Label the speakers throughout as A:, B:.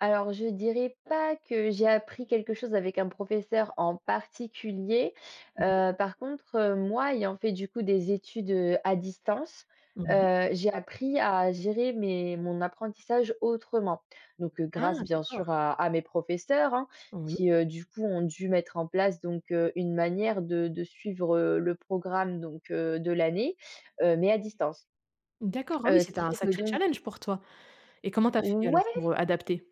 A: Alors, je dirais pas que j'ai appris quelque chose avec un professeur en particulier,
B: Oui.
A: heu, par contre, heu, moi, ayant fait, du coup, des études, heu, à distance,
B: Oui.
A: heu, j'ai appris à gérer mes mon apprentissage autrement. Donc, heu,
B: Ah
A: grâce, bien
B: d'accord.
A: sûr, à à mes professeurs, hein,
B: Oui.
A: qui, heu, du coup, ont dû mettre en place donc, heu, une manière de de suivre, heu, le programme donc, heu, de l'année, heu, mais à distance,
B: D'accord, ah oui,
A: heu, ce
B: c'était
A: qui
B: un
A: fait que
B: sacré
A: donc
B: challenge pour toi! Et comment tu as fait,
A: Ouais.
B: alors, pour, heu, adapter?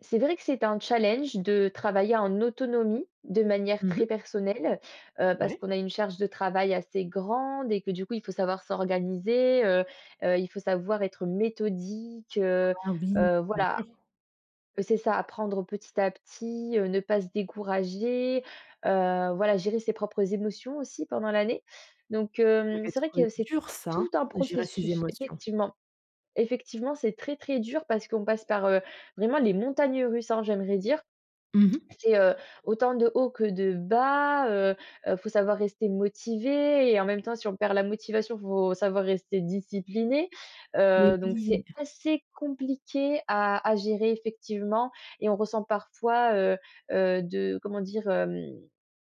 A: C'est vrai que c'était un challenge de travailler en autonomie de manière
B: Mmh mh.
A: très personnelle, heu, parce
B: Ouais.
A: qu'on a une charge de travail assez grande et que du coup, il faut savoir s'organiser, heu, heu, il faut savoir être méthodique, heu,
B: Ah oui,
A: heu,
B: bien
A: voilà.
B: sûr.
A: C'est ça, apprendre petit à petit, heu, ne pas se décourager, heu, voilà gérer ses propres émotions aussi pendant l'année. Donc,
B: Ça
A: hem,
B: devait
A: c'est vrai que
B: être
A: c'est
B: dur ça, hein,
A: tout un
B: de gérer ses
A: processus
B: émotions.
A: effectivement. Effectivement, c'est très, très dur parce qu'on passe par, heu, vraiment les montagnes russes, hein, j'aimerais dire.
B: Mmh mh.
A: C'est, heu, autant de hauts que de bas, heu, heu, faut savoir rester motivé et en même temps si on perd la motivation, faut savoir rester discipliné,
B: Mais
A: heu, donc, c'est
B: oui.
A: assez compliqué à à gérer effectivement et on ressent parfois, heu, heu, de comment dire? Hem,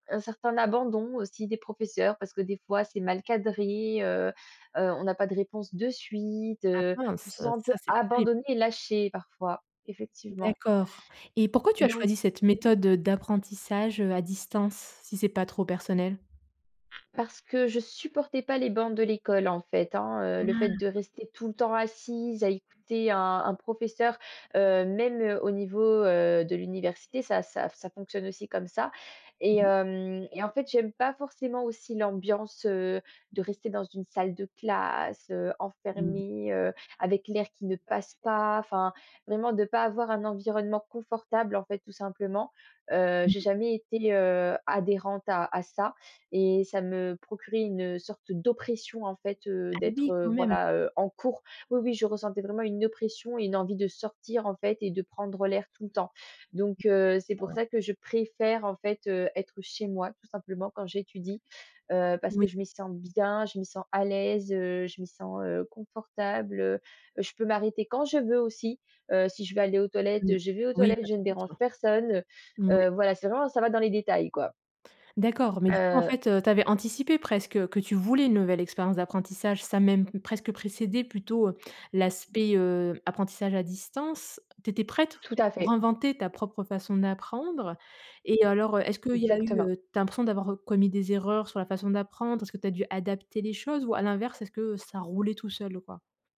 A: un certain abandon aussi des professeurs parce que des fois, c'est mal cadré, heu, heu, on n'a pas de réponse de suite,
B: Ah
A: heu, on se
B: mince.
A: sent un peu
B: Ça, c'est plus terrible.
A: abandonné et lâché parfois, effectivement.
B: D'accord et pourquoi tu as
A: Donc
B: choisi cette méthode, heu, d'apprentissage, heu, à distance, si c'est pas trop personnel?
A: Parce que je supportais pas les bornes de l'école, en fait, hein, heu, le fait de
B: Ah.
A: rester tout le temps assise à écouter un un professeur, heu, même, heu, au niveau, heu, de l'université, ça ça f ça fonctionne aussi comme ça. Et
B: Mmh.
A: hem et en fait, j'aime pas forcément aussi l'ambiance, heu, de rester dans une salle de classe, heu,
B: Mmh mh.
A: enfermée, heu, avec l'air qui ne passe pas, enfin vraiment de pas avoir un environnement confortable, en fait, tout simplement. Heu,
B: Mmh
A: j'ai
B: mh.
A: jamais été, heu, adhérente à à ça et ça me procurait une, heu, sorte d'oppression, en fait, heu,
B: Ah
A: d'être,
B: oui,
A: heu,
B: quand même.
A: voilà, heu, en cours. Oui, oui je ressentais vraiment une oppression et une envie de sortir, en fait, et de prendre l'air tout le temps.
B: D
A: Donc heu, c'est pour
B: cor.
A: ça que je préfère, en fait, heu, être chez moi, tout simplement, quand j'étudie, heu, parce que
B: Oui.
A: je m'y sens bien, je m'y sens à l'aise, heu, je m'y sens, heu, confortable, heu, heu, je peux m'arrêter quand je veux aussi, heu, si je veux aller aux
B: Mmh.
A: toilettes, je vais aux
B: Oui,
A: toilettes,
B: à
A: je
B: ton
A: ne dérange
B: rythme.
A: personne, heu,
B: Moui.
A: heu, voilà, c'est vraiment ça va dans les détails, quoi.
B: D'accord, mais du coup, en
A: Heu
B: fait, heu, tu avais anticipé presque que tu voulais une nouvelle expérience d'apprentissage, ça a même presque précédé plutôt, heu, l'aspect, heu, apprentissage à distance. Tu étais prête, en
A: Tout
B: fait,
A: à
B: pour
A: fait.
B: inventer ta propre façon d'apprendre et alors, heu, est-ce qu'il y a eu,
A: Exactement.
B: heu, tu as l'impression d'avoir commis des erreurs sur la façon d'apprendre? Est-ce que tu as dû adapter les choses ou à l'inverse, est-ce que ça roulait tout seul, quoi?